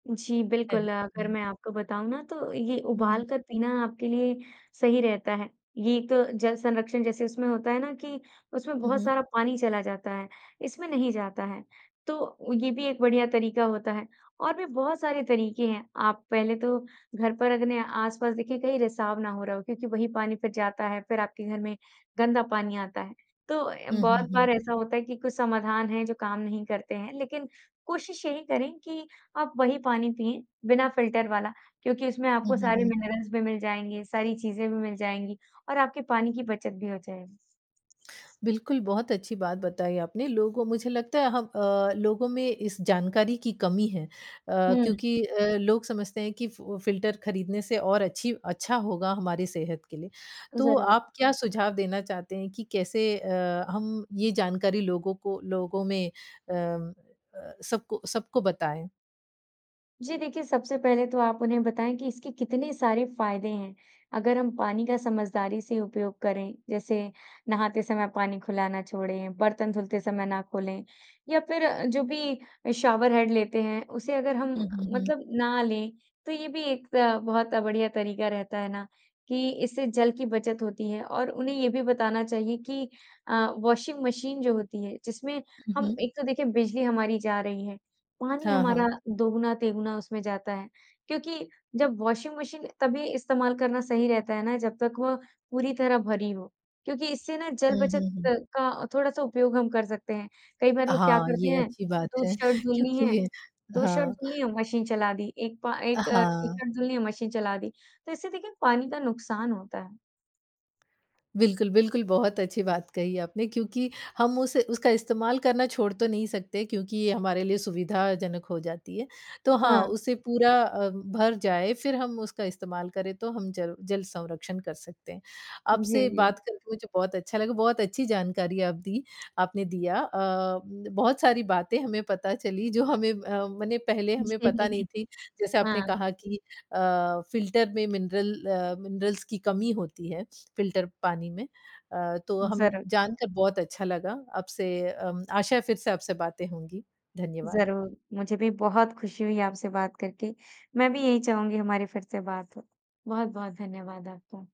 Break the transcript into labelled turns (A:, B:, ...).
A: जी, बिल्कुल।
B: [unintelligible]
A: अगर
B: हुँ।
A: मैं आपको बताऊँ ना तो ये
B: हुँ।
A: उबाल कर पीना आपके लिए सही रहता है। ये एक तो जल संरक्षण जैसे उसमें होता है ना कि उसमें
B: हुँ,
A: बहुत
B: हुँ।
A: सारा पानी चला जाता है इसमें नहीं जाता है। तो ये भी एक बढ़िया तरीक़ा होता है। और भी बहुत सारे तरीक़े हैं आप पहले तो घर पर अपने आसपास देखिए कई रिसाव ना हो रहा हो क्योंकि वही पानी फ़िर जाता है, फ़िर आपके घर में गंदा पानी आता है। तो अ,
B: हुँ, हुँ,
A: बहुत बार
B: हुँ।
A: ऐसा होता है कि कुछ समाधान है जो काम नहीं करते हैं लेक़िन कोशिश यही करें कि आप वही पानी पिएँ बिना फ़िल्टर वाला क्योंकि उसमें
B: हुँ,
A: आपको
B: हुँ,
A: सारे
B: हुँ।
A: मिनरल्स भी मिल जाएँगे, सारी चीज़ें भी मिल जाएँगी और आपके पानी की बचत भी हो जाएगी।
B: बिल्कुल, बहुत अच्छी बात बताई आपने। लोगों मुझे लगता है हम अ, लोगों में इस जानकारी की कमी है अ,
A: हुँ।
B: क्योंकि अ, लोग समझते हैं कि फु फ़िल्टर ख़रीदने से और अच्छी अच्छा होगा हमारी सेहत के लिए। तो
A: ज़रूर।
B: आप क्या सुझाव देना चाहते हैं कि कैसे अ, हम ये जानकारी लोगों को लोगों में अ अ, सबको सबको बताएँ।
A: जी। देखिए, सबसे पहले तो आप उन्हें बताएँ कि इसके कितने सारे फ़ायदे हैं। अगर हम पानी का समझदारी से उपयोग करें जैसे नहाते समय पानी खुला ना छोड़ें, बर्तन धुलते समय ना खोलें। या फ़िर जो भी शॉवर हेड लेते हैं उसे अगर हम
B: हुँ, हुँ, हुँ।
A: मतलब ना लें तो ये भी एक अ, बहुत बढ़िया तरीक़ा रहता है ना कि इससे जल की बचत होती है। और उन्हें ये भी बताना चाहिए कि अ, वॉशिंग मशीन जो होती है जिसमें
B: हुँ,
A: हम
B: हुँ।
A: एक तो देखिए बिजली हमारी जा रही है पानी
B: हाँ, हाँ।
A: हमारा दोगुना-तिगुना उसमें जाता है। क्योंकि जब वॉशिंग मशीन तभी इस्तेमाल करना सही रहता है ना जब तक वो पूरी तरह भरी हो क्योंकि इससे ना जल
B: हुँ,
A: बचत
B: हुँ, हुँ।
A: का थोड़ा-सा उपयोग हम कर सकते हैं। कई बार लोग क्या
B: हाँ,
A: करते
B: ये
A: हैं
B: अच्छी बात
A: 2
B: है
A: शर्ट धुलनी है
B: क्योंकि
A: 2 शर्ट
B: हाँ।
A: धुलनी है मशीन चला दी 1 पा 1
B: हाँ।
A: टी-शर्ट धुलनी है मशीन चला दी तो इससे देखिए पानी का नुकसान होता है।
B: बिल्कुल, बिल्कुल बहुत अच्छी बात कही आपने क्योंकि हम उस उसका इस्तेमाल करना छोड़ तो नहीं सकते क्योंकि ये हमारे लिए सुविधाजनक हो जाती है। तो हाँ
A: हाँ।
B: उसे पूरा अ, भर जाए फ़िर हम उसका इस्तेमाल करें तो हम जल जल संरक्षण कर सकते हैं। आपसे
A: जी, जी।
B: बात करके मुझे बहुत अच्छा लगा। बहुत अच्छी जानकारी आप दी आपने दिया। अ, बहुत सारी बातें हमें पता चली जो हमें अ, मने पहले हमें
A: जी,
B: पता नहीं
A: जी।
B: थी। जैसे आपने
A: हाँ।
B: कहा कि अ, फ़िल्टर में मिनरल अ मिनरल्स की कमी होती है फ़िल्टर पानी में। अ, तो हम
A: ज़रूर।
B: जानकर बहुत अच्छा लगा आपसे आशा है फ़िर से आपसे बातें होंगी। धन्यवाद।
A: ज़रूर, मुझे भी बहुत खुशी हुई आपसे बात करके। मैं भी यही चाहूँगी हमारी फ़िर से बात हो। बहुत-बहुत धन्यवाद आपका।